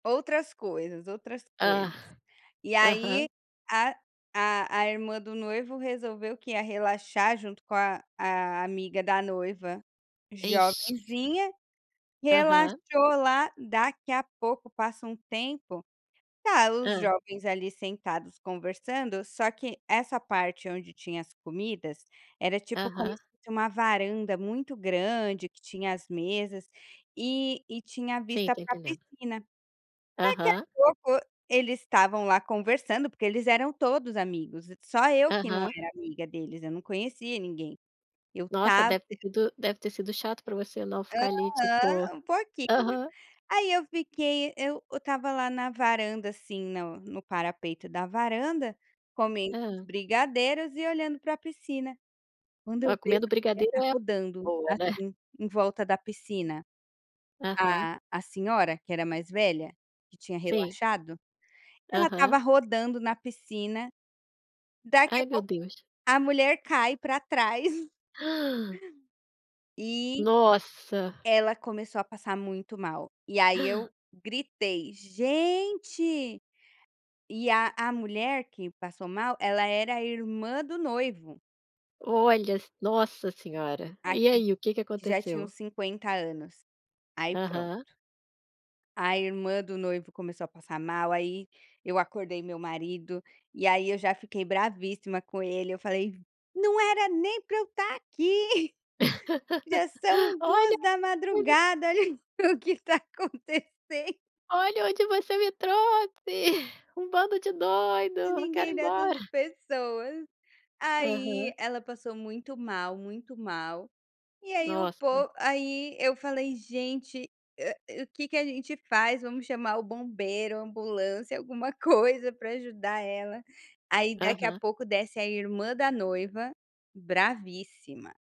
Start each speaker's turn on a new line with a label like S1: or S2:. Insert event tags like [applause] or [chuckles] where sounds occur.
S1: Outras coisas, outras
S2: Ah,
S1: coisas e aí
S2: aham.
S1: a a a irmã do noivo resolveu, que ia relaxar junto com a a amiga da noiva
S2: Ixi.
S1: jovenzinha. Relaxou
S2: Aham.
S1: lá, daqui a pouco passa um tempo, tá os
S2: Hã.
S1: jovens ali sentados conversando, só que essa parte onde tinha as comidas era tipo como
S2: Aham.
S1: se fosse uma varanda muito grande, que tinha as mesas e e tinha
S2: Sim,
S1: vista
S2: tô
S1: para a
S2: entendendo.
S1: piscina.
S2: Aham.
S1: Daqui a pouco eles estavam lá conversando, porque eles eram todos amigos, só eu que não
S2: Aham.
S1: era amiga deles, eu não conhecia ninguém eu
S2: Nossa
S1: tava
S2: deve ter sido deve ter sido chato pra você, não, ficar ali tipo
S1: Aham, um pouquinho,
S2: aham.
S1: aí eu fiquei, eu eu estava lá na varanda, assim, no no parapeito da varanda comendo uns
S2: Hã?
S1: brigadeiros e olhando para a piscina. Quando eu
S2: Ah,
S1: vejo
S2: comendo o
S1: a mulher
S2: brigadeiro
S1: tá
S2: é?
S1: rodando,
S2: Boa, né?
S1: assim, em volta da piscina
S2: Aham.
S1: a a senhora que era mais velha, que tinha
S2: Sim.
S1: relaxado, ela
S2: Aham.
S1: estava rodando na piscina daqui a
S2: Ai meu
S1: pouco
S2: Deus.
S1: a mulher cai pra trás. [chuckles]
S2: [gasps]
S1: E,
S2: Nossa!
S1: ela começou a passar muito mal, e aí
S2: [gasps]
S1: eu gritei: "Gente" e a a mulher que passou mal, ela era a irmã do noivo.
S2: Olha s nossa senhora.
S1: A
S2: E aí, o que que
S1: que já tinha
S2: aconteceu?
S1: uns 50 anos, aí pronto.
S2: Aham.
S1: A irmã do noivo começou a passar mal, aí eu acordei meu marido, e aí eu já fiquei "bravíssima" com ele, eu falei: "Não era nem para eu estar aqui, já
S2: [chuckles]
S1: são
S2: Olha!
S1: duas da
S2: [unintelligible]
S1: madrugada olha o que tá acontecen"
S2: "Olha onde você me trouxe, [chuckles] um bando de doido, quero
S1: Ninguém
S2: ir
S1: dessas
S2: embora."
S1: pessoas,
S2: Aham.
S1: aí ela passou muito mal, muito mal e aí o
S2: Nossa.
S1: po aí eu falei: "Gente a o que que a gente faz? Vamos chamar o bombeiro, ambulância, alguma coisa pra ajudar ela", aí daqui a
S2: Aham.
S1: pouco desce a irmã da noiva "bravíssima."